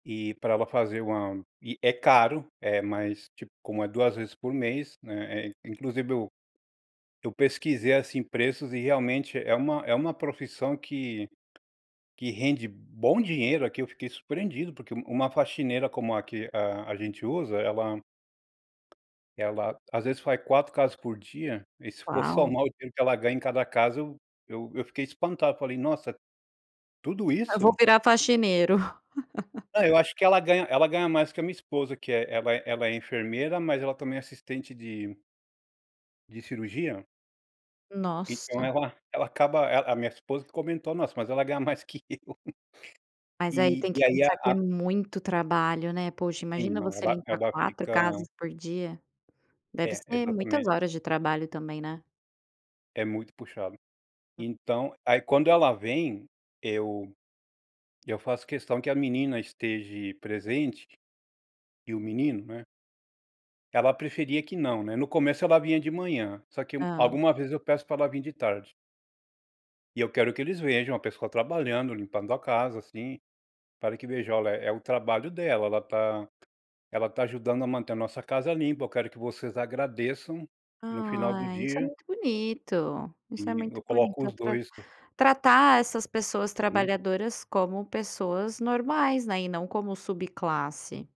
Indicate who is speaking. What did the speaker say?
Speaker 1: E pra ela fazer 1, e é caro, eh, mas tipo, como é 2 vezes por mês, né, eh, inclusive eu eu pesquisei assim, preços e realmente, é uma é uma profissão que que rende bom dinheiro aqui; eu fiquei surpreendido, porque uma uma faxineira como a que a a gente usa, ela ela, às vezes, faz 4 casas por dia e se for
Speaker 2: Uau!
Speaker 1: somar o dinheiro que ela ganha em cada casa eu eu eu fiquei espantado. Eu falei: "Nossa, tudo
Speaker 2: Ah, vou
Speaker 1: isso?".
Speaker 2: virar faxineiro.
Speaker 1: Não, eu acho que ela ganha ela ganha mais que a minha esposa, que ela ela é ela é enfermeira, mas ela também é assistente de de cirurgia. Então,
Speaker 2: Nossa!
Speaker 1: ela ela acaba a minha esposa comentou: "Nossa, mas ela ganha mais que eu".
Speaker 2: Mas aí
Speaker 1: E
Speaker 2: tem que
Speaker 1: e aí, a
Speaker 2: pensar que é
Speaker 1: a
Speaker 2: muito trabalho, né. Poxa,
Speaker 1: Sim.
Speaker 2: imagina
Speaker 1: Não.
Speaker 2: você
Speaker 1: ela
Speaker 2: limpar
Speaker 1: ela
Speaker 2: 4
Speaker 1: fica
Speaker 2: casas por dia? Deve
Speaker 1: É,
Speaker 2: ser muitas
Speaker 1: exatamente.
Speaker 2: horas de trabalho também, né.
Speaker 1: É muito puxado.
Speaker 2: Hum.
Speaker 1: Então, aí quando ela vem, eu eu faço questão que a menina esteje presente e o menino, né. Ela preferia que não, né, no começo ela vinha de manhã, só que
Speaker 2: Tá.
Speaker 1: alguma vez eu peço pra ela vim de tarde. E eu quero que eles vejam a pessoa trabalhando, limpando a casa, assim, para que veja: "Olha, é o trabalho dela, ela tá, ela tá ajudando a manter a nossa casa limpa. Eu quero que vocês agradeçam no final do
Speaker 2: Ai! Isso é
Speaker 1: dia".
Speaker 2: muito bonito! Isso é
Speaker 1: E eu
Speaker 2: muito
Speaker 1: coloco
Speaker 2: bonito,
Speaker 1: os
Speaker 2: atra
Speaker 1: 2 pa
Speaker 2: tratar essas pessoas
Speaker 1: Sim.
Speaker 2: trabalhadoras como pessoas normais, né, e não como subclasse.